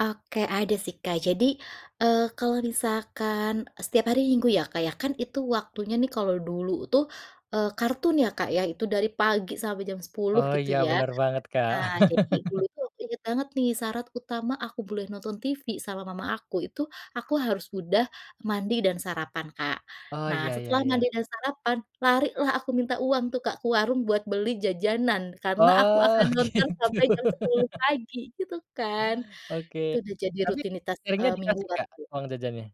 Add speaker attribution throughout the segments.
Speaker 1: Oke, ada sih, Kak, jadi, eee, kalau misalkan setiap hari minggu ya, Kak, ya kan itu waktunya nih kalau dulu tuh, eee, kartun ya, Kak, ya itu dari pagi sampai jam 10
Speaker 2: Oh
Speaker 1: gitu
Speaker 2: ya,
Speaker 1: ya.
Speaker 2: bener banget, Kak.
Speaker 1: Nah, jadi dulu tuh aku inget banget nih syarat utama aku boleh nonton TV sama mama aku, itu aku harus udah mandi dan sarapan, Kak.
Speaker 2: Oh,
Speaker 1: Nah,
Speaker 2: iya iya
Speaker 1: setelah mandi
Speaker 2: iya.
Speaker 1: dan sarapan, lari lah aku minta uang tuh, Kak, ke warung buat beli jajanan karena aku akan
Speaker 2: Oh,
Speaker 1: nonton
Speaker 2: gitu.
Speaker 1: sampai jam 10 pagi gitu kan. Itu
Speaker 2: Oke,
Speaker 1: udah jadi
Speaker 2: tapi
Speaker 1: rutinitas,
Speaker 2: seringnya
Speaker 1: eee,
Speaker 2: dikasih,
Speaker 1: mingguan
Speaker 2: Kak,
Speaker 1: ku.
Speaker 2: uang jajannya?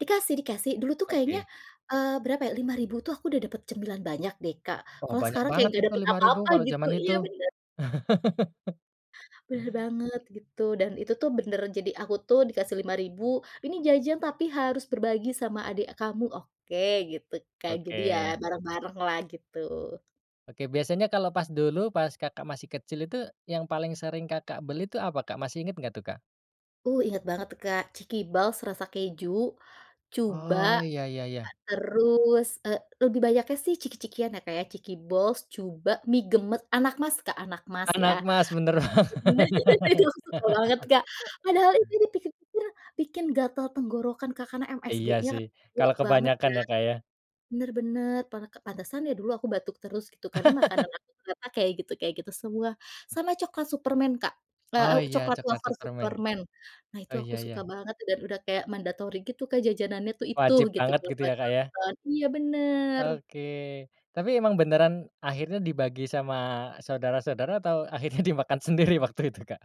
Speaker 1: Dikasih dikasih, dulu tuh kayaknya,
Speaker 2: Oke.
Speaker 1: eee, berapa ya, 5000 tuh aku udah dapet cemilan banyak deh, Kak,
Speaker 2: Oh,
Speaker 1: kalau
Speaker 2: banyak
Speaker 1: sekarang kayak
Speaker 2: banget
Speaker 1: ga
Speaker 2: itu
Speaker 1: dapet
Speaker 2: 5000
Speaker 1: apa-apa
Speaker 2: kalau
Speaker 1: gitu,
Speaker 2: zaman itu.
Speaker 1: iya bener. Bener banget gitu, dan itu tuh bener, jadi aku tuh dikasih 5000 ini jajan tapi harus berbagi sama adek kamu, oke gitu kan, jadi ya
Speaker 2: Oke.
Speaker 1: bareng-bareng lah gitu.
Speaker 2: Oke, biasanya kalau pas dulu pas, Kakak, masih kecil itu yang paling sering, Kakak, beli itu apa, Kak? Masih inget nggak tuh, Kak?
Speaker 1: Uh, inget banget tuh, Kak, chikiballs rasa keju, cuba,
Speaker 2: Oh, iya iya iya.
Speaker 1: terus, eee, lebih banyaknya sih ciki-cikian ya, Kak, ya, cikiballs, cuba, mie gemes, anakmas, Kak, anakmas ya,
Speaker 2: Anakmas, bener banget.
Speaker 1: itu aku suka banget, Kak. Padahal itu [unintelligible] bikin gatal tenggorokan, Kak, karena
Speaker 2: Iya
Speaker 1: msgnya
Speaker 2: sih, kalau
Speaker 1: kuat banget
Speaker 2: kebanyakan
Speaker 1: ya.
Speaker 2: ya, Kak, ya.
Speaker 1: Bener bener pa pantesan ya dulu aku batuk terus gitu karena makanan aku ternyata kayak gitu kayak gitu semua. Sama coklat superman Kak, eee,
Speaker 2: Oh,
Speaker 1: u
Speaker 2: iya
Speaker 1: coklat
Speaker 2: coklat
Speaker 1: wafer
Speaker 2: superman,
Speaker 1: superman nah itu
Speaker 2: oh iya
Speaker 1: aku suka
Speaker 2: iya.
Speaker 1: banget dan udah kayak mandatory gitu kan jajanannya tuh itu
Speaker 2: Wajib
Speaker 1: gitu
Speaker 2: banget gitu ya, Kak, ya.
Speaker 1: [unintelligible] iya bener.
Speaker 2: Oke, tapi emang beneran akhirnya dibagi sama saudara-saudara atau akhirnya dimakan sendiri waktu itu, Kak?